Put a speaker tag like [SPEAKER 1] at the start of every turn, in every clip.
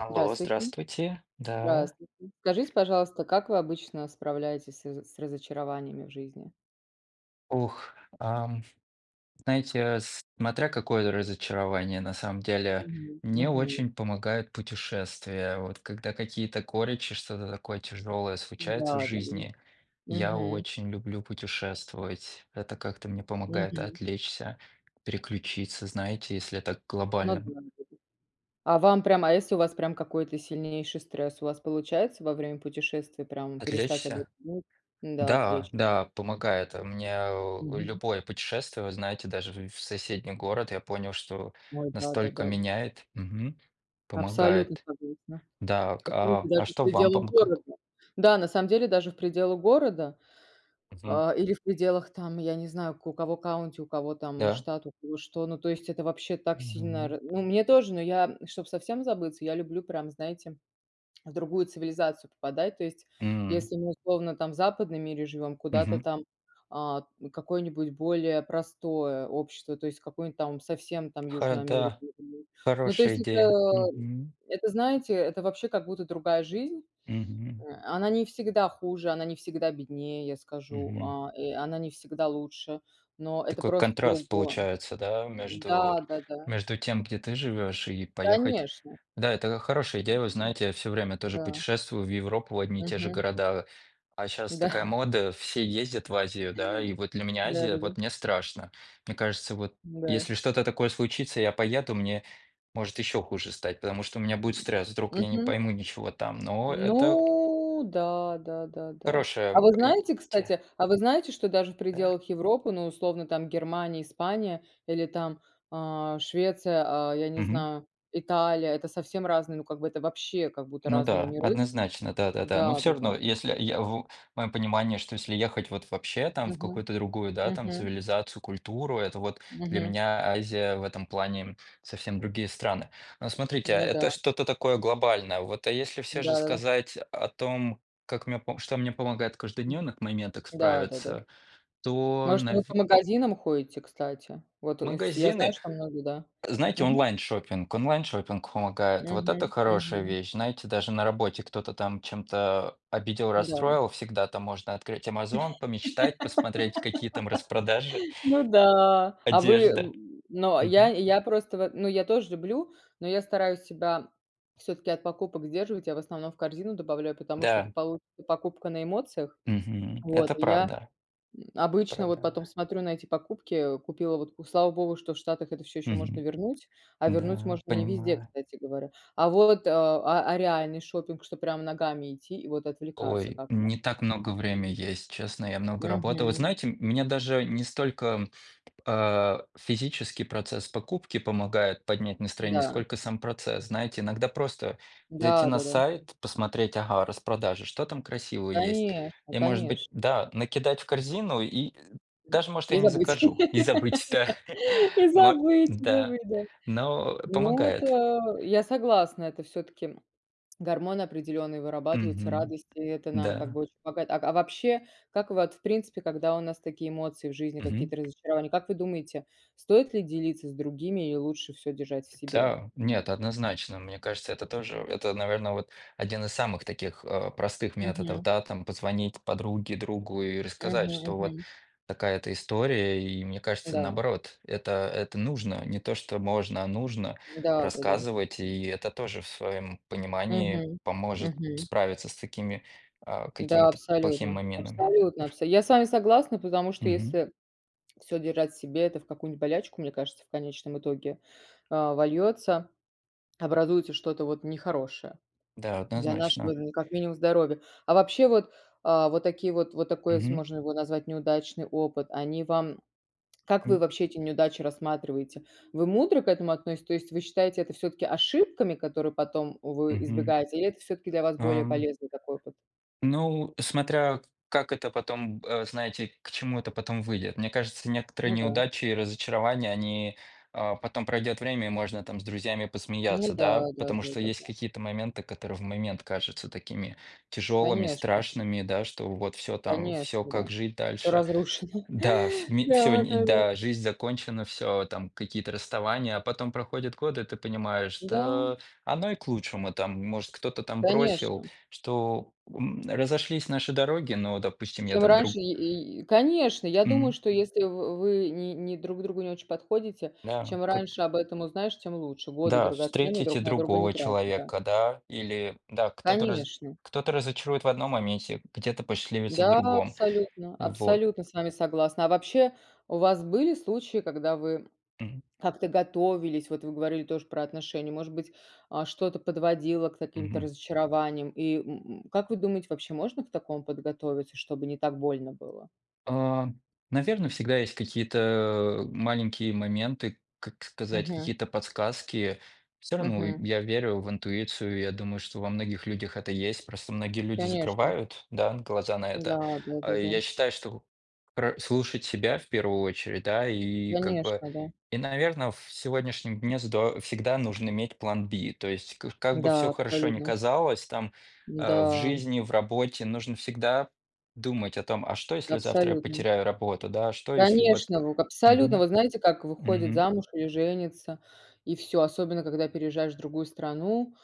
[SPEAKER 1] Алло,
[SPEAKER 2] Здравствуйте.
[SPEAKER 1] здравствуйте, да.
[SPEAKER 2] Здравствуйте. Скажите, пожалуйста, как вы обычно справляетесь сы зы с разочарованиями в жизни?
[SPEAKER 1] Ух, ам, знаете, смотря какое разочарование, на самом деле.
[SPEAKER 2] Мгм.
[SPEAKER 1] Мне
[SPEAKER 2] Мгм.
[SPEAKER 1] очень помогают путешествия, вот когда какие-то горечи, что-то такое тяжелое случается в
[SPEAKER 2] Да-да-да.
[SPEAKER 1] жизни. Я
[SPEAKER 2] Мгм.
[SPEAKER 1] очень люблю путешествовать, это как-то мне помогает
[SPEAKER 2] Мгм.
[SPEAKER 1] отвлечься, переключиться, знаете, если это
[SPEAKER 2] Ну
[SPEAKER 1] глобально, м
[SPEAKER 2] да. [unintelligible] А вам прям, а если у вас прям какой-то сильнейший стресс, у вас получается во время путешествий прям перестать об этом
[SPEAKER 1] Отвлечься?
[SPEAKER 2] думать? Н-да,
[SPEAKER 1] Да,
[SPEAKER 2] отлеч
[SPEAKER 1] да, помогает. А у меня у
[SPEAKER 2] Мгм.
[SPEAKER 1] любое путешествие, вы знаете, даже вю в соседний город, я понял, что
[SPEAKER 2] Ой,
[SPEAKER 1] настолько
[SPEAKER 2] да-да-да.
[SPEAKER 1] меняет, мгм,
[SPEAKER 2] Абсолютно
[SPEAKER 1] помогает.
[SPEAKER 2] согласна.
[SPEAKER 1] Да к
[SPEAKER 2] Оцените,
[SPEAKER 1] а,
[SPEAKER 2] даже
[SPEAKER 1] а
[SPEAKER 2] в
[SPEAKER 1] что вам
[SPEAKER 2] пределах
[SPEAKER 1] помогает?
[SPEAKER 2] города. Да, на самом деле даже в пределах города,
[SPEAKER 1] Мгм.
[SPEAKER 2] а, или в пределах там, я не знаю, к у кого county, у кого там
[SPEAKER 1] Да.
[SPEAKER 2] штат, у кого что. Ну, то есть это вообще так сильно
[SPEAKER 1] Мгм.
[SPEAKER 2] ра ну, мне тоже, но я, м, чтоб совсем забыться, я люблю прям, знаете, в другую цивилизацию попадать. То есть,
[SPEAKER 1] М.
[SPEAKER 2] если мы, условно, там в западном мире живём, куда-то
[SPEAKER 1] Мгм.
[SPEAKER 2] там, а какое-нибудь более простое общество, то есть, какую-нибудь там совсем там
[SPEAKER 1] Ха
[SPEAKER 2] Южную Америку.
[SPEAKER 1] да,
[SPEAKER 2] [unintelligible] Ну, то
[SPEAKER 1] хорошая
[SPEAKER 2] есть, это,
[SPEAKER 1] идея.
[SPEAKER 2] м,
[SPEAKER 1] Мгм.
[SPEAKER 2] это знаете, это вообще как будто другая жизнь. Э,
[SPEAKER 1] Мгм.
[SPEAKER 2] она не всегда хуже, она не всегда беднее, я скажу,
[SPEAKER 1] Мгм.
[SPEAKER 2] а, э, она не всегда лучше, но это
[SPEAKER 1] Такой
[SPEAKER 2] просто
[SPEAKER 1] контраст
[SPEAKER 2] другое.
[SPEAKER 1] получается, да,
[SPEAKER 2] М,
[SPEAKER 1] между
[SPEAKER 2] да-да-да.
[SPEAKER 1] между тем, где ты живёшь и поехать.
[SPEAKER 2] Конечно.
[SPEAKER 1] Да, это хорошая идея, вы
[SPEAKER 2] М,
[SPEAKER 1] знаете, я всё время тоже
[SPEAKER 2] да.
[SPEAKER 1] путешествую в Европу, в одни и те же
[SPEAKER 2] Мгм.
[SPEAKER 1] города. А щас такая
[SPEAKER 2] Да.
[SPEAKER 1] мода, все ездят в Азию, да и вот для меня Азия,
[SPEAKER 2] Да-да-да.
[SPEAKER 1] вот мне страшно. Мне кажется, вот
[SPEAKER 2] Да.
[SPEAKER 1] если что-то такое случится, я поеду, мне может ещё хуже стать, потому что у меня
[SPEAKER 2] М,
[SPEAKER 1] будет стресс, вдруг я не
[SPEAKER 2] мгм.
[SPEAKER 1] пойму ничего там. Но это
[SPEAKER 2] Ну да, да-да-да. А
[SPEAKER 1] хорошая
[SPEAKER 2] вот
[SPEAKER 1] и п
[SPEAKER 2] знаете,
[SPEAKER 1] те
[SPEAKER 2] кстати, а вы знаете, что даже в
[SPEAKER 1] да.
[SPEAKER 2] пределах Европы, ну, условно, там Германия, Испания или там, а, Швеция, а, я не
[SPEAKER 1] Мгм.
[SPEAKER 2] знаю, Италия- это совсем разные, ну, как бы это вообще как будто
[SPEAKER 1] Ну
[SPEAKER 2] разные
[SPEAKER 1] да,
[SPEAKER 2] миры.
[SPEAKER 1] однозначно. Да-да-да. Но всё
[SPEAKER 2] Да-да-да.
[SPEAKER 1] равно, если я ву в моем понимании, что если ехать вот вообще там в
[SPEAKER 2] Мгм.
[SPEAKER 1] какую-то другую, да, там
[SPEAKER 2] Мгм.
[SPEAKER 1] цивилизацию, культуру, это вот для
[SPEAKER 2] Мгм.
[SPEAKER 1] меня Азия в этом плане, м, совсем другие страны. Ну смотрите,
[SPEAKER 2] М,
[SPEAKER 1] а,
[SPEAKER 2] ня
[SPEAKER 1] это
[SPEAKER 2] да.
[SPEAKER 1] что-то такое глобальное. Вот, а если всё же
[SPEAKER 2] Да-да-да.
[SPEAKER 1] сказать о том, как мне пом что мне помогает в
[SPEAKER 2] М.
[SPEAKER 1] каждодневных моментах
[SPEAKER 2] Да-да-да.
[SPEAKER 1] справиться, то
[SPEAKER 2] Может, вы и по
[SPEAKER 1] нави
[SPEAKER 2] магазинам ходите, кстати? Вот, э, вс я знаю,
[SPEAKER 1] Магазины,
[SPEAKER 2] что многие, да.
[SPEAKER 1] знаете,
[SPEAKER 2] Мгм.
[SPEAKER 1] онлайн-шоппинг. Онлайн-шоппинг помогает. Вот это
[SPEAKER 2] Мгм.
[SPEAKER 1] хорошая
[SPEAKER 2] Мгм.
[SPEAKER 1] вещь. Знаете, даже на работе кто-то там чем-то обидел,
[SPEAKER 2] М-да.
[SPEAKER 1] расстроил, всегда там можно открыть "Амазон", помечтать, посмотреть, какие там распродажи.
[SPEAKER 2] Ну да. А вы
[SPEAKER 1] Одежда.
[SPEAKER 2] ну, а, я
[SPEAKER 1] Мгм.
[SPEAKER 2] я просто вот ну, я тоже люблю, но я стараюсь себя всё-таки от покупок сдерживать. Я в основном в корзину добавляю, потому что это
[SPEAKER 1] Да.
[SPEAKER 2] получится покупка на эмоциях.
[SPEAKER 1] Мгм.
[SPEAKER 2] Вот,
[SPEAKER 1] Это
[SPEAKER 2] и я,
[SPEAKER 1] правда.
[SPEAKER 2] м, обычно вот
[SPEAKER 1] Правда.
[SPEAKER 2] потом смотрю на эти покупки, э, купила вот, ку слава богу, что в Штатах это всё ещё можно
[SPEAKER 1] Мгм.
[SPEAKER 2] вернуть, а вернуть
[SPEAKER 1] Н-да,
[SPEAKER 2] можно не везде,
[SPEAKER 1] понимаю.
[SPEAKER 2] кстати говоря. А вот, а а реальный шопинг, что прям ногами идти и вот отвлекаться
[SPEAKER 1] Ой,
[SPEAKER 2] как
[SPEAKER 1] не
[SPEAKER 2] вам?
[SPEAKER 1] так много время есть, честно. Я много работал, вы
[SPEAKER 2] Мгм.
[SPEAKER 1] знаете, м, мне даже не столько, м, а, физический процесс покупки помогает поднять настроение,
[SPEAKER 2] Да.
[SPEAKER 1] сколько сам процесс. Знаете, иногда просто зайти на
[SPEAKER 2] Да-да-да.
[SPEAKER 1] сайт, посмотреть, ага, распродажа, что там красивого есть.
[SPEAKER 2] Конечно
[SPEAKER 1] И, может быть,
[SPEAKER 2] конечно.
[SPEAKER 1] да, накидать в корзину и, э,
[SPEAKER 2] М,
[SPEAKER 1] даже может
[SPEAKER 2] и
[SPEAKER 1] я не
[SPEAKER 2] забыть,
[SPEAKER 1] закажу, и забыть всё.
[SPEAKER 2] и
[SPEAKER 1] Мо
[SPEAKER 2] забыть,
[SPEAKER 1] да,
[SPEAKER 2] забыть, да.
[SPEAKER 1] но
[SPEAKER 2] Ну
[SPEAKER 1] помогает.
[SPEAKER 2] это я согласна, это всё-таки, м, гормоны определённые вырабатываются
[SPEAKER 1] Мгм.
[SPEAKER 2] радости, это нам как
[SPEAKER 1] Да.
[SPEAKER 2] бы очень помогает. Ак а вообще, как вот в принципе, когда у нас такие эмоции в жизни,
[SPEAKER 1] Мгм.
[SPEAKER 2] какие-то разочарования, как вы думаете, стоит ли делиться с другими, и лучше всё держать в себе?
[SPEAKER 1] Та нет, однозначно, мне кажется, это тоже, это, наверно, вот один из самых таких, э, простых методов,
[SPEAKER 2] Мгм.
[SPEAKER 1] да там позвонить подруге, другу и
[SPEAKER 2] Мгм.
[SPEAKER 1] рассказать, что вот
[SPEAKER 2] Мгм.
[SPEAKER 1] такая-то история. И мне кажется,
[SPEAKER 2] Да.
[SPEAKER 1] наоборот, это это нужно, не то, что можно, а нужно
[SPEAKER 2] Да-да-да.
[SPEAKER 1] рассказывать, и это тоже в своём понимании
[SPEAKER 2] Мгм.
[SPEAKER 1] поможет
[SPEAKER 2] Мгм.
[SPEAKER 1] справиться с такими, а,
[SPEAKER 2] Да,
[SPEAKER 1] какими-то плохими
[SPEAKER 2] абсолютно
[SPEAKER 1] моментами
[SPEAKER 2] абсолютно
[SPEAKER 1] аф
[SPEAKER 2] абса Я с вами согласна, потому что
[SPEAKER 1] Мгм.
[SPEAKER 2] если всё держать в себе, это в какую-нибудь болячку, мне кажется, в конечном итоге, а, вольётся, образуется что-то вот нехорошее
[SPEAKER 1] Да,
[SPEAKER 2] для нашего,
[SPEAKER 1] однозначно.
[SPEAKER 2] э, как минимум здоровья. А вообще вот, а, вот такие вот, вот такой, ес
[SPEAKER 1] Мгм.
[SPEAKER 2] можно его назвать, неудачный опыт, они вам, как вы
[SPEAKER 1] М.
[SPEAKER 2] вообще эти неудачи рассматриваете? Вы мудро к этому относь То есть вы считаете это всё-таки ошибками, которые потом, э, вы
[SPEAKER 1] Мгм.
[SPEAKER 2] избегаете, или это всё-таки для вас более
[SPEAKER 1] Ам
[SPEAKER 2] полезный такой опыт?
[SPEAKER 1] Ну, э, смотря как это потом, э, знаете к чему это потом выйдет. Мне кажется, некоторые
[SPEAKER 2] Ну да.
[SPEAKER 1] неудачи и разочарования, они, а, потом пройдёт время, и можно там с друзьями
[SPEAKER 2] Ну
[SPEAKER 1] посмеяться,
[SPEAKER 2] да.
[SPEAKER 1] да?
[SPEAKER 2] Да
[SPEAKER 1] Потому
[SPEAKER 2] да
[SPEAKER 1] что
[SPEAKER 2] да
[SPEAKER 1] есть
[SPEAKER 2] да.
[SPEAKER 1] какие-то моменты, которые в момент кажутся такими тяжелыми,
[SPEAKER 2] Конечно.
[SPEAKER 1] страшными, да что вот всё, там всё
[SPEAKER 2] Конечно,
[SPEAKER 1] как
[SPEAKER 2] да.
[SPEAKER 1] жить дальше?
[SPEAKER 2] Разрушено.
[SPEAKER 1] Да, в ми всё ни
[SPEAKER 2] Да-да-да.
[SPEAKER 1] да, жизнь закончена, всё там какие-то расставания, а потом проходят годы, и ты понимаешь,
[SPEAKER 2] Да.
[SPEAKER 1] что оно и к лучшему. Там, может, кто-то там бросил,
[SPEAKER 2] Конечно.
[SPEAKER 1] что, м, разошлись наши дороги, но, допустим, я
[SPEAKER 2] Чем
[SPEAKER 1] там
[SPEAKER 2] раньше
[SPEAKER 1] друг
[SPEAKER 2] е и и конечно, я думаю,
[SPEAKER 1] Мгм.
[SPEAKER 2] что если в вы ни не друг другу не очень подходите,
[SPEAKER 1] Да, м,
[SPEAKER 2] чем
[SPEAKER 1] как
[SPEAKER 2] раньше об этом узнаешь, тем лучше. Годы
[SPEAKER 1] Да,
[SPEAKER 2] драгоценные друг
[SPEAKER 1] встретите
[SPEAKER 2] на друга не
[SPEAKER 1] другого
[SPEAKER 2] тратить, да.
[SPEAKER 1] человека, да, или, да, кто-то разо
[SPEAKER 2] Конечно.
[SPEAKER 1] кто-то разочарует в одном моменте, где-то посчастливится в
[SPEAKER 2] Да,
[SPEAKER 1] другом.
[SPEAKER 2] абсолютно
[SPEAKER 1] Вот
[SPEAKER 2] абсолютно с вами согласна. А вообще, у вас были случаи, когда вы
[SPEAKER 1] Мгм.
[SPEAKER 2] как-то готовились? Вот вы говорили тоже про отношения. Может быть, а, что-то подводило к каким-то
[SPEAKER 1] Мгм.
[SPEAKER 2] разочарованиям? И м м, как вы думаете, вообще можно к такому подготовиться, чтобы не так больно было?
[SPEAKER 1] Ам, наверно, всегда есть какие-то, а, маленькие моменты, как сказать,
[SPEAKER 2] Мгм.
[SPEAKER 1] какие-то подсказки. Всё равно, и
[SPEAKER 2] Мгм.
[SPEAKER 1] я верю в интуицию, я думаю, что во многих людях это есть, просто многие люди
[SPEAKER 2] Конечно.
[SPEAKER 1] закрывают, да, глаза на
[SPEAKER 2] Да
[SPEAKER 1] это.
[SPEAKER 2] да
[SPEAKER 1] А
[SPEAKER 2] да да.
[SPEAKER 1] я считаю, что про слушать себя в 1 очередь, да, и как бы
[SPEAKER 2] Конечно, да.
[SPEAKER 1] и наверно, ф в сегодняшнем дне здо всегда нужно иметь план B. То есть в ка как бы всё
[SPEAKER 2] Да,
[SPEAKER 1] хорошо ни
[SPEAKER 2] абсолютно.
[SPEAKER 1] казалось там,
[SPEAKER 2] Н
[SPEAKER 1] а, в
[SPEAKER 2] да
[SPEAKER 1] жизни, в работе, нужно всегда думать о том, а что, если завтра я
[SPEAKER 2] Абсолютно.
[SPEAKER 1] потеряю работу? Да, а что если вот
[SPEAKER 2] Конечно, ву абсолютно.
[SPEAKER 1] мгм
[SPEAKER 2] Вот знаете, как выходит
[SPEAKER 1] мгм.
[SPEAKER 2] замуж, или женится, и всё, особенно когда переезжаешь в другую страну,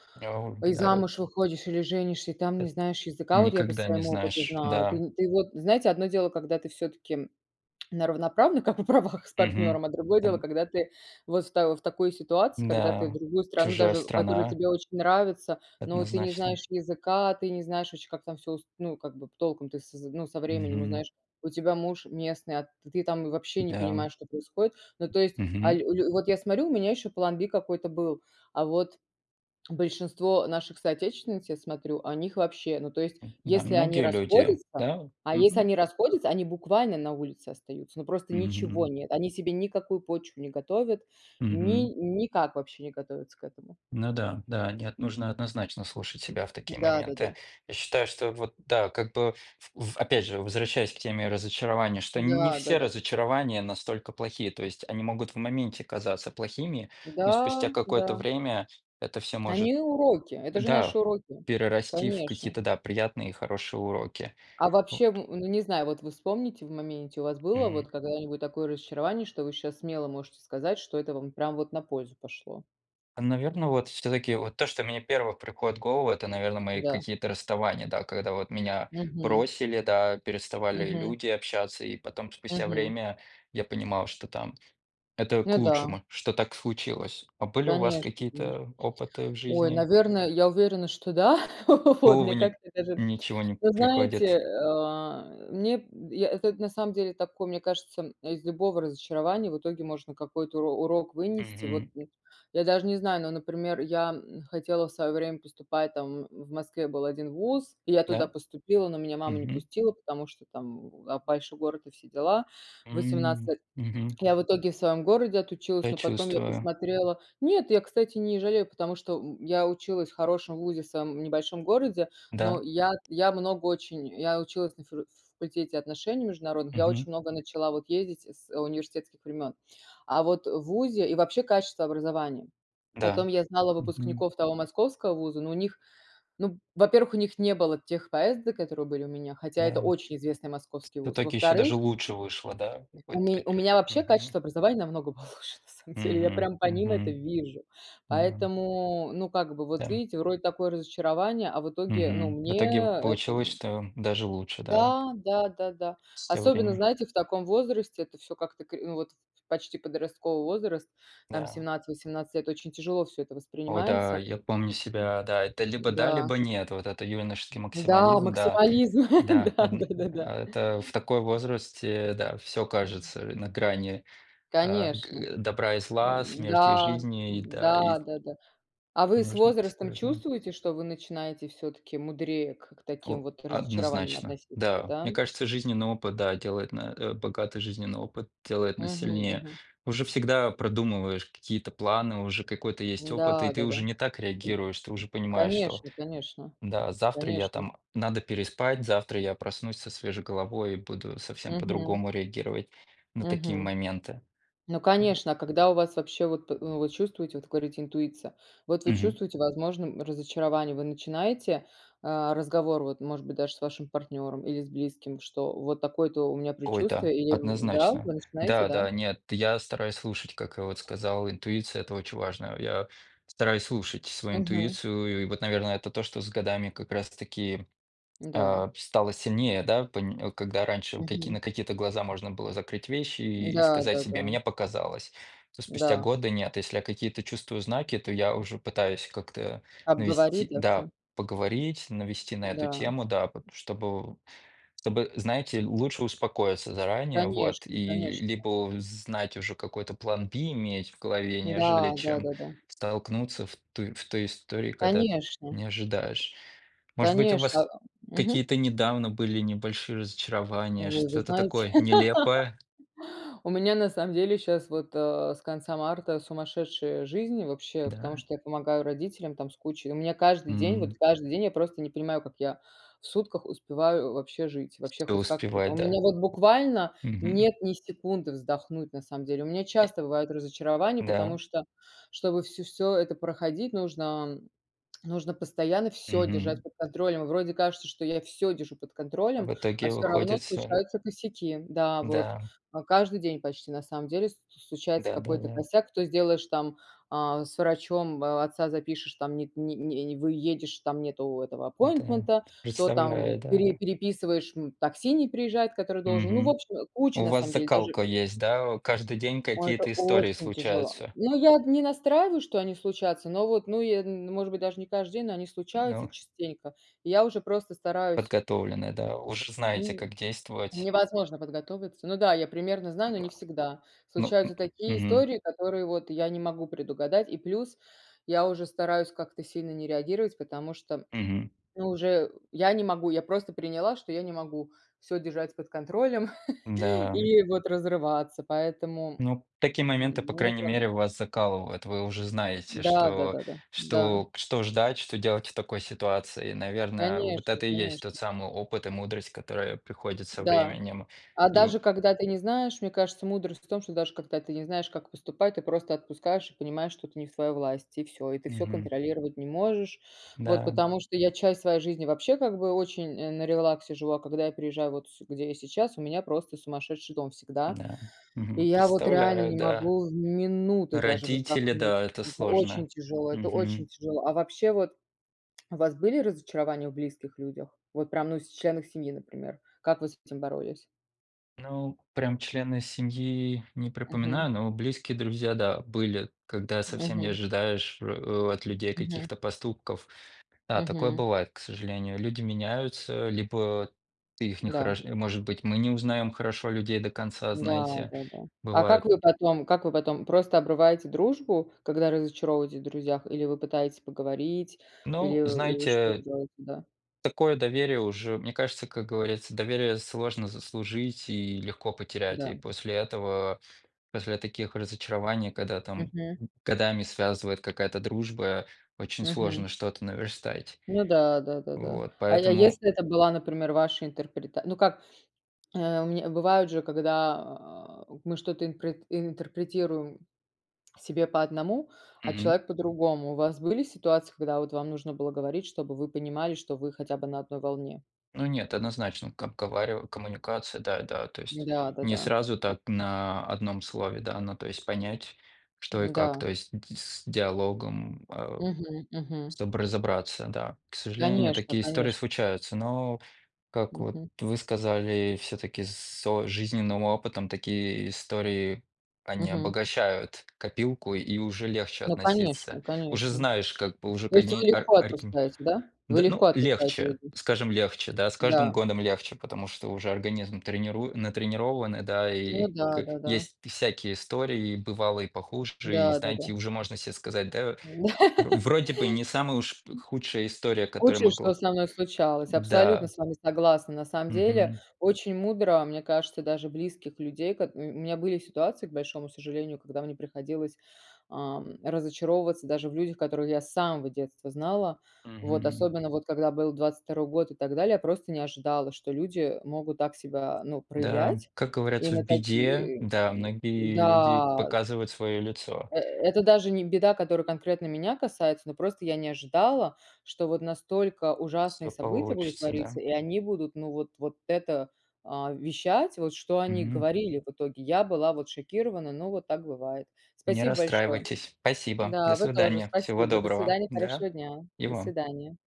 [SPEAKER 2] и
[SPEAKER 1] [unintelligible]
[SPEAKER 2] замуж выходишь, или женишься, и там не
[SPEAKER 1] Эт
[SPEAKER 2] знаешь языка. Вот я по
[SPEAKER 1] никогда не
[SPEAKER 2] своему опыту
[SPEAKER 1] знаешь,
[SPEAKER 2] знаю. Ты
[SPEAKER 1] да.
[SPEAKER 2] нь ты вот, знаете, одно дело, когда ты всё-таки, м, на равноправных, как бы правах с
[SPEAKER 1] Мгм.
[SPEAKER 2] партнёром, а другое дело,
[SPEAKER 1] Эм
[SPEAKER 2] когда ты вот в та в такой ситуации, когда ты в
[SPEAKER 1] Н-да,
[SPEAKER 2] другую страну
[SPEAKER 1] чужая
[SPEAKER 2] даже, которая
[SPEAKER 1] страна.
[SPEAKER 2] тебе очень нравится, но ты не
[SPEAKER 1] Однозначно.
[SPEAKER 2] знаешь языка, ты не знаешь ваще, как там всё ус ну, как бы п толком ты с з ну, со временем
[SPEAKER 1] Мгм.
[SPEAKER 2] узнаешь. У тебя муж местный, а ты там вообще не
[SPEAKER 1] Да, м
[SPEAKER 2] понимаешь, что происходит. Ну, то есть, а,
[SPEAKER 1] Мгм.
[SPEAKER 2] ль лю вот я сморю, у меня ещё план B какой-то был, а вот большинство наших, соотечественниц, я смотрю, о них вообще, ну, то есть,
[SPEAKER 1] М, да,
[SPEAKER 2] если они
[SPEAKER 1] многие люди,
[SPEAKER 2] расходятся,
[SPEAKER 1] да?
[SPEAKER 2] а, если
[SPEAKER 1] Мгм.
[SPEAKER 2] они расходятся, они буквально на улице остаются, но просто ничего
[SPEAKER 1] Мгм.
[SPEAKER 2] нет. Они себе никакую почву не готовят, ни
[SPEAKER 1] Мгм.
[SPEAKER 2] никак вообще не готовятся к этому.
[SPEAKER 1] Ну да, да. Нет, нужно однозначно слушать себя в такие
[SPEAKER 2] Да-да-да.
[SPEAKER 1] моменты. Я считаю, что, вот да как бы ф в опять же, возвращаясь к теме разочарования, что нь не все
[SPEAKER 2] Да-да-да.
[SPEAKER 1] разочарования настолько плохие. То есть они могут в моменте казаться плохими, но спустя
[SPEAKER 2] Да,
[SPEAKER 1] какое-то
[SPEAKER 2] да.
[SPEAKER 1] время это всё может
[SPEAKER 2] Они уроки, это
[SPEAKER 1] б
[SPEAKER 2] же наши
[SPEAKER 1] да,
[SPEAKER 2] уроки,
[SPEAKER 1] перерасти в
[SPEAKER 2] конечно.
[SPEAKER 1] какие-то да приятные и хорошие уроки,
[SPEAKER 2] А
[SPEAKER 1] вот.
[SPEAKER 2] вообще, м, ну не знаю, вот вы вспомните в моменте, у вас было
[SPEAKER 1] Мгм.
[SPEAKER 2] вот когда-нибудь такое разочарование, что вы щас смело можете сказать, что это вам прям вот на пользу пошло?
[SPEAKER 1] А, наверно, вот всё-таки вот то, что мне первых приходит в голову, это наверно мои
[SPEAKER 2] Да.
[SPEAKER 1] какие-то расставания, да, когда вот меня
[SPEAKER 2] Мгм.
[SPEAKER 1] бросили, да, переставали
[SPEAKER 2] Мгм.
[SPEAKER 1] люди общаться, и потом, спустя
[SPEAKER 2] Мгм.
[SPEAKER 1] время, я понимал, что там это к
[SPEAKER 2] Ну да.
[SPEAKER 1] лучшему, что так случилось. А были у вас
[SPEAKER 2] Конечно конечно.
[SPEAKER 1] какие-то опыты в
[SPEAKER 2] Ой,
[SPEAKER 1] жизни?
[SPEAKER 2] наверно, я уверена, что да. Вот.
[SPEAKER 1] Голову
[SPEAKER 2] Мне
[SPEAKER 1] ни
[SPEAKER 2] как-то даже
[SPEAKER 1] ничего не
[SPEAKER 2] вот знаете,
[SPEAKER 1] приходит?
[SPEAKER 2] э, а, мне б я этот на самом деле такой, мне кажется, м, а, из любого разочарования в итоге можно какой-то уро урок вынести.
[SPEAKER 1] Мгм.
[SPEAKER 2] Вот д я даже не знаю, но, например, я, м, хотела в свое время поступать там в Москве был один ВУЗ, и я туда
[SPEAKER 1] Да?
[SPEAKER 2] поступила, но меня мама не
[SPEAKER 1] Мгм.
[SPEAKER 2] пустила, потому что там в а, большой город, и все дела. В
[SPEAKER 1] М.
[SPEAKER 2] 18
[SPEAKER 1] Мгм.
[SPEAKER 2] я в итоге в своем городе отучилась,
[SPEAKER 1] Я
[SPEAKER 2] но потом я
[SPEAKER 1] чувствую.
[SPEAKER 2] посмотрела нет, я, кстати, не жалею, потому что, м, я училась в хорошем вузе в своем небольшом городе, но
[SPEAKER 1] Да.
[SPEAKER 2] и я я много очень я училась на фило ф факультете отношений международных, я
[SPEAKER 1] Мгм.
[SPEAKER 2] очень много начала вот ездить, э, с, э, университетских времен, а вот, э, вузе и вообще качество образования.
[SPEAKER 1] Да.
[SPEAKER 2] Потом я знала
[SPEAKER 1] Мгм.
[SPEAKER 2] выпускников того московского вуза, ну у них ну, во-первых, у них не было тех поездок, которые были у меня, хотя это
[SPEAKER 1] Да,
[SPEAKER 2] очень известный
[SPEAKER 1] вс
[SPEAKER 2] московский
[SPEAKER 1] в
[SPEAKER 2] вуз.
[SPEAKER 1] итоге ещё даже
[SPEAKER 2] Во-вторых
[SPEAKER 1] лучше вышло, да? И
[SPEAKER 2] у
[SPEAKER 1] вот
[SPEAKER 2] ме
[SPEAKER 1] т
[SPEAKER 2] меня вообще
[SPEAKER 1] мгм.
[SPEAKER 2] качество образования намного получше на самом деле. Я
[SPEAKER 1] Мгм.
[SPEAKER 2] прям по ним это
[SPEAKER 1] Мгм.
[SPEAKER 2] вижу,
[SPEAKER 1] Да.
[SPEAKER 2] поэтому, ну, как бы вот
[SPEAKER 1] Да.
[SPEAKER 2] видите, вроде такое разочарование, а в итоге ну,
[SPEAKER 1] Мгм. В
[SPEAKER 2] мне
[SPEAKER 1] итоге в
[SPEAKER 2] это
[SPEAKER 1] получилось,
[SPEAKER 2] ну
[SPEAKER 1] что, м, даже лучше, да?
[SPEAKER 2] да, да-да-да.
[SPEAKER 1] Всё
[SPEAKER 2] Особенно,
[SPEAKER 1] время
[SPEAKER 2] знаете, в таком возрасте это всё как-то кри ну, вот ф в почти подростковый возраст, там
[SPEAKER 1] Да.
[SPEAKER 2] 17-18 лет очень тяжело всё это
[SPEAKER 1] О да,
[SPEAKER 2] воспринимается.
[SPEAKER 1] я помню себя. Да, это либо да,
[SPEAKER 2] М-да.
[SPEAKER 1] либо нет. Вот это юношеский
[SPEAKER 2] М-да,
[SPEAKER 1] максимализм, да.
[SPEAKER 2] максимализм,
[SPEAKER 1] Да,
[SPEAKER 2] да
[SPEAKER 1] одн
[SPEAKER 2] да да да.
[SPEAKER 1] а, это в такой возрасте, да, всё
[SPEAKER 2] М
[SPEAKER 1] кажется на грани, а, к
[SPEAKER 2] Конечно.
[SPEAKER 1] э, добра и зла, смерти и
[SPEAKER 2] М-да,
[SPEAKER 1] жизни. И да и с
[SPEAKER 2] м-да, да-да. А вы с
[SPEAKER 1] нужно быть
[SPEAKER 2] возрастом
[SPEAKER 1] осторожным.
[SPEAKER 2] чувствуете, что вы начинаете всё-таки мудрее, к к таким
[SPEAKER 1] О,
[SPEAKER 2] вот разочарованиям
[SPEAKER 1] однозначно.
[SPEAKER 2] относиться,
[SPEAKER 1] Да,
[SPEAKER 2] да?
[SPEAKER 1] мне кажется, жизненный опыт, да, делает на, э, богатый жизненный опыт делает нас
[SPEAKER 2] Мгм,
[SPEAKER 1] сильнее.
[SPEAKER 2] мгм.
[SPEAKER 1] Уже всегда продумываешь какие-то планы, уже какой-то есть опыт, и ты
[SPEAKER 2] М-да-да-да.
[SPEAKER 1] уже не так реагируешь, ты уже понимаешь, что
[SPEAKER 2] Конечно конечно,
[SPEAKER 1] н-да, завтра я
[SPEAKER 2] конечно.
[SPEAKER 1] там надо переспать, завтра я проснусь со свежей головой, и буду совсем
[SPEAKER 2] Мгм.
[SPEAKER 1] по-другому реагировать на такие
[SPEAKER 2] Мгм.
[SPEAKER 1] моменты.
[SPEAKER 2] Ну
[SPEAKER 1] А во
[SPEAKER 2] конечно, а когда у вас вообще, вот, п э, ну вы чувствуете вот говорите интуиция, вот вы
[SPEAKER 1] Мгм.
[SPEAKER 2] чувствуете, возможно, м, разочарование, вы начинаете, а, разговор, вот может быть, даже с вашим партнером, или с близким, что вот такое-то у меня
[SPEAKER 1] Ой, да.
[SPEAKER 2] предчувствие, и, м, да,
[SPEAKER 1] Однозначно.
[SPEAKER 2] вы начинаете,
[SPEAKER 1] Да,
[SPEAKER 2] да?
[SPEAKER 1] да, нет, я стараюсь слушать, как я вот сказал, интуиция- это очень важно. Я стараюсь слушать свою
[SPEAKER 2] Мгм.
[SPEAKER 1] интуицию, и вот, наверно, это то, что с годами как раз таки,
[SPEAKER 2] М-да.
[SPEAKER 1] а, п стало сильнее, да, пынь э, когда раньше каки
[SPEAKER 2] Мгм.
[SPEAKER 1] на какие-то глаза можно было закрыть вещи и сказать себе:
[SPEAKER 2] М-да-да-да.
[SPEAKER 1] "Мне показалось". То спустя
[SPEAKER 2] М-да.
[SPEAKER 1] годы нет, если я какие-то чувствую знаки, то я уже пытаюсь как-то навести,
[SPEAKER 2] Обговорить, да,
[SPEAKER 1] да,
[SPEAKER 2] всё.
[SPEAKER 1] поговорить, навести на эту
[SPEAKER 2] Да.
[SPEAKER 1] тему, да, потому чтобы чтобы знаете, лучше успокоиться заранее вот,
[SPEAKER 2] Конечно
[SPEAKER 1] и
[SPEAKER 2] конечно.
[SPEAKER 1] либо знать уже какой-то план B иметь в голове,
[SPEAKER 2] М-да,
[SPEAKER 1] нежели чем
[SPEAKER 2] да-да-да.
[SPEAKER 1] столкнуться в туй в той истории, когда
[SPEAKER 2] Конечно.
[SPEAKER 1] не ожидаешь. Может быть, у
[SPEAKER 2] Конечно,
[SPEAKER 1] вас
[SPEAKER 2] ам, мгм.
[SPEAKER 1] какие-то недавно были небольшие
[SPEAKER 2] О,
[SPEAKER 1] разочарования,
[SPEAKER 2] вы уже
[SPEAKER 1] что-то
[SPEAKER 2] знаете,
[SPEAKER 1] такое нелепое?
[SPEAKER 2] у меня на самом деле щас вот, а, с конца марта сумасшедшая жизнь, вообще, потому
[SPEAKER 1] Да.
[SPEAKER 2] что я помогаю родителям там с кучей и у меня каждый день, вот
[SPEAKER 1] М.
[SPEAKER 2] каждый день я просто не понимаю, как я в сутках успеваю, э, вообще жить, вообще
[SPEAKER 1] Всё
[SPEAKER 2] хоть как-то. Та
[SPEAKER 1] успевать,
[SPEAKER 2] у
[SPEAKER 1] да?
[SPEAKER 2] меня вот, буквально, нет
[SPEAKER 1] Мгм.
[SPEAKER 2] ни секунды вздохнуть, на самом деле. У меня часто бывает разочарование, потому
[SPEAKER 1] Да.
[SPEAKER 2] что, чтобы всё-всё это проходить, нужно нужно постоянно всё держать
[SPEAKER 1] Мгм.
[SPEAKER 2] под контролем. Вроде кажется, что я всё держу под
[SPEAKER 1] А
[SPEAKER 2] контролем,
[SPEAKER 1] в
[SPEAKER 2] а
[SPEAKER 1] итоге
[SPEAKER 2] всё равно
[SPEAKER 1] выходит всё н
[SPEAKER 2] случаются косяки. Да, вот,
[SPEAKER 1] Да.
[SPEAKER 2] а, каждый день почти, на самом деле, ст случается какой-то
[SPEAKER 1] Да-да-да.
[SPEAKER 2] косяк. То сделаешь там, а, с врачом, м, а, отца запишешь, там нет ни не выедешь, там нету этого
[SPEAKER 1] Да,
[SPEAKER 2] аппойнтмента,
[SPEAKER 1] это
[SPEAKER 2] то там в
[SPEAKER 1] представляю,
[SPEAKER 2] пере
[SPEAKER 1] да.
[SPEAKER 2] переписываешь, м, такси не приезжает, который должен. Ну, в
[SPEAKER 1] Мгм.
[SPEAKER 2] общем, э, куча,
[SPEAKER 1] У
[SPEAKER 2] на
[SPEAKER 1] вас
[SPEAKER 2] самом деле
[SPEAKER 1] закалка
[SPEAKER 2] даже.
[SPEAKER 1] есть, да, о каждый день
[SPEAKER 2] Ой, это
[SPEAKER 1] какие-то истории
[SPEAKER 2] очень тяжело.
[SPEAKER 1] случаются.
[SPEAKER 2] Ну, я д не настраиваю, что они случатся, но вот ну, е н может быть, даже не каждый день, но они случаются
[SPEAKER 1] Ну.
[SPEAKER 2] частенько. И я уже просто стараюсь
[SPEAKER 1] Подготовлены, да? Уже знаете, как действовать.
[SPEAKER 2] невозможно подготовиться. Ну да, я примерно
[SPEAKER 1] Н
[SPEAKER 2] знаю, но не
[SPEAKER 1] а
[SPEAKER 2] всегда.
[SPEAKER 1] ну, м,
[SPEAKER 2] Случаются такие
[SPEAKER 1] мгм.
[SPEAKER 2] истории, которые вот я не могу предугадать, и плюс, я уже стараюсь как-то сильно не реагировать, потому что, м,
[SPEAKER 1] Мгм.
[SPEAKER 2] ну уже, э, я не могу. Я просто приняла, что я не могу всё держать под контролем,
[SPEAKER 1] М-да, м.
[SPEAKER 2] и вот разрываться, поэтому
[SPEAKER 1] Ну, такие моменты, по крайней
[SPEAKER 2] [unintelligible]
[SPEAKER 1] мере, вас закалывают. Вы уже знаете,
[SPEAKER 2] Да да
[SPEAKER 1] что
[SPEAKER 2] да да. Да.
[SPEAKER 1] что к что ждать, что делать в такой ситуации. И наверное, вот
[SPEAKER 2] Конечно
[SPEAKER 1] это и есть тот
[SPEAKER 2] конечно.
[SPEAKER 1] самый опыт и мудрость, которая приходит со
[SPEAKER 2] Да.
[SPEAKER 1] временем
[SPEAKER 2] А
[SPEAKER 1] и в
[SPEAKER 2] даже когда ты не знаешь, мне кажется, мудрость в том, что даже когда ты не знаешь, как поступать, ты просто отпускаешь и понимаешь, что это не в твоей власти, и всё, и ты всё
[SPEAKER 1] Мгм.
[SPEAKER 2] контролировать не можешь. Вот,
[SPEAKER 1] Да.
[SPEAKER 2] потому что я часть своей жизни вообще как бы очень, э, на релаксе живу, а когда я приезжаю, вот сю где я сейчас, у меня просто сумасшедший дом всегда.
[SPEAKER 1] М-да,
[SPEAKER 2] И
[SPEAKER 1] мгм,
[SPEAKER 2] я вот реально
[SPEAKER 1] представляю,
[SPEAKER 2] не
[SPEAKER 1] да.
[SPEAKER 2] могу минуты даже
[SPEAKER 1] Родители, да,
[SPEAKER 2] вздохнуть.
[SPEAKER 1] это
[SPEAKER 2] Это
[SPEAKER 1] сложно.
[SPEAKER 2] очень тяжело, это очень
[SPEAKER 1] Мгм.
[SPEAKER 2] тяжело. А вообще, вот, у вас были разочарования в близких людях? Вот прям, ну, с членах семьи, например? Как вы с этим боролись?
[SPEAKER 1] Ну, прям члены семьи не
[SPEAKER 2] Мгм.
[SPEAKER 1] припоминаю, но близкие друзья, да, были, когда совсем не
[SPEAKER 2] Мгм.
[SPEAKER 1] ожидаешь в э, от людей
[SPEAKER 2] Мгм.
[SPEAKER 1] каких-то поступков. Да, такое
[SPEAKER 2] Мгм.
[SPEAKER 1] бывает, к сожалению. Люди меняются, либо ты их не
[SPEAKER 2] Да.
[SPEAKER 1] хорош и может быть мы не узнаём хорошо людей до конца,
[SPEAKER 2] Да,
[SPEAKER 1] знаете,
[SPEAKER 2] да, да. А как
[SPEAKER 1] бывает.
[SPEAKER 2] вы потом, как вы потом? Просто обрываете дружбу, когда разочаровываетесь в друзьях? Или вы пытаетесь поговорить, или
[SPEAKER 1] Ну
[SPEAKER 2] или что
[SPEAKER 1] знаете
[SPEAKER 2] вы делаете, да?
[SPEAKER 1] такое доверие уже, мне кажется, как говорится, доверие сложно заслужить, и легко потерять. И
[SPEAKER 2] Да.
[SPEAKER 1] после этого, после таких разочарований, когда там,
[SPEAKER 2] Мгм.
[SPEAKER 1] м, годами связывает какая-то дружба, очень
[SPEAKER 2] Мгм.
[SPEAKER 1] сложно что-то наверстать.
[SPEAKER 2] Ну да, да-да-да.
[SPEAKER 1] Вот,
[SPEAKER 2] Ай, а
[SPEAKER 1] поэтому
[SPEAKER 2] если это была, например, ваша интерпрета ну как, э, у мне бывает же, когда у мы что-то импрет интерпретируем себе по одному, а
[SPEAKER 1] Мгм.
[SPEAKER 2] человек по-другому. У вас были ситуации, когда вот вам нужно было говорить, чтобы вы понимали, что вы хотя бы на одной волне?
[SPEAKER 1] Ну нет, однозначно, как говари коммуникация, да-да, то
[SPEAKER 2] М,
[SPEAKER 1] есть не
[SPEAKER 2] да-да-да.
[SPEAKER 1] сразу так на одном слове, да, ну, то есть понять, что и как,
[SPEAKER 2] М-да.
[SPEAKER 1] то есть дь с диалогом, э,
[SPEAKER 2] Мгм мгм.
[SPEAKER 1] чтоб разобраться, да. К сожалению,
[SPEAKER 2] Конечно
[SPEAKER 1] такие истории
[SPEAKER 2] конечно.
[SPEAKER 1] случаются, но как вот
[SPEAKER 2] Мгм.
[SPEAKER 1] вы сказали, всё-таки с о жизненным опытом такие истории они
[SPEAKER 2] Мгм.
[SPEAKER 1] обогащают копилку, и уже легче
[SPEAKER 2] Ну конечно
[SPEAKER 1] относиться. Уже
[SPEAKER 2] конечно.
[SPEAKER 1] знаешь, как бы уже
[SPEAKER 2] То
[SPEAKER 1] к
[SPEAKER 2] есть
[SPEAKER 1] они
[SPEAKER 2] вы
[SPEAKER 1] ар
[SPEAKER 2] легко
[SPEAKER 1] арикин
[SPEAKER 2] отпускаете, да? Вы
[SPEAKER 1] д
[SPEAKER 2] легко
[SPEAKER 1] ну
[SPEAKER 2] отпускаете
[SPEAKER 1] легче,
[SPEAKER 2] людей?
[SPEAKER 1] скажем, легче, да, с каждым
[SPEAKER 2] Да.
[SPEAKER 1] годом легче, потому что уже организм тренируи натренирован и да, и
[SPEAKER 2] Ну
[SPEAKER 1] к
[SPEAKER 2] да-да-да.
[SPEAKER 1] есть пи всякие истории, и бывало и похуже. И знаете,
[SPEAKER 2] Да-да-да.
[SPEAKER 1] уже можно се сказать, да
[SPEAKER 2] М
[SPEAKER 1] вро вроде бы не самая уж п худшая история, которая
[SPEAKER 2] Худшее, что
[SPEAKER 1] могла
[SPEAKER 2] со мной случалось. Абсолютно
[SPEAKER 1] да.
[SPEAKER 2] с вами согласна. На самом деле,
[SPEAKER 1] Мгм.
[SPEAKER 2] очень мудро, мне кажется, даже близких людей кот м, у меня были ситуации, к большому сожалению, когда мне приходилось, ам, разочаровываться даже в людях, которых я с самого детства знала. Вот,
[SPEAKER 1] Мгм.
[SPEAKER 2] особенно вот когда был 22 год и так далее, просто не ожидала, что люди, э, могут так себя ну
[SPEAKER 1] Да, м.
[SPEAKER 2] проявлять.
[SPEAKER 1] Как
[SPEAKER 2] И
[SPEAKER 1] говорятся, в
[SPEAKER 2] на
[SPEAKER 1] беде,
[SPEAKER 2] такие,
[SPEAKER 1] да,
[SPEAKER 2] м,
[SPEAKER 1] многие люди
[SPEAKER 2] м-да.
[SPEAKER 1] показывают своё лицо.
[SPEAKER 2] Э, это даже не беда, которая конкретно меня касается, но просто я не ожидала что вот настолько
[SPEAKER 1] Всё
[SPEAKER 2] ужасные события будут
[SPEAKER 1] получится, да?
[SPEAKER 2] твориться, и они будут ну вот вот это, а, вещать вот что они
[SPEAKER 1] Мгм.
[SPEAKER 2] говорили в итоге. Я была вот шокирована, но вот так бывает.
[SPEAKER 1] Не
[SPEAKER 2] Спасибо большое.
[SPEAKER 1] расстраивайтесь. Спасибо. До
[SPEAKER 2] Да, вы тоже.
[SPEAKER 1] свидания. Всего
[SPEAKER 2] Спасибо. До
[SPEAKER 1] доброго.
[SPEAKER 2] свидания.
[SPEAKER 1] Да,
[SPEAKER 2] Хорошего дня.
[SPEAKER 1] и
[SPEAKER 2] До
[SPEAKER 1] вам.
[SPEAKER 2] свидания.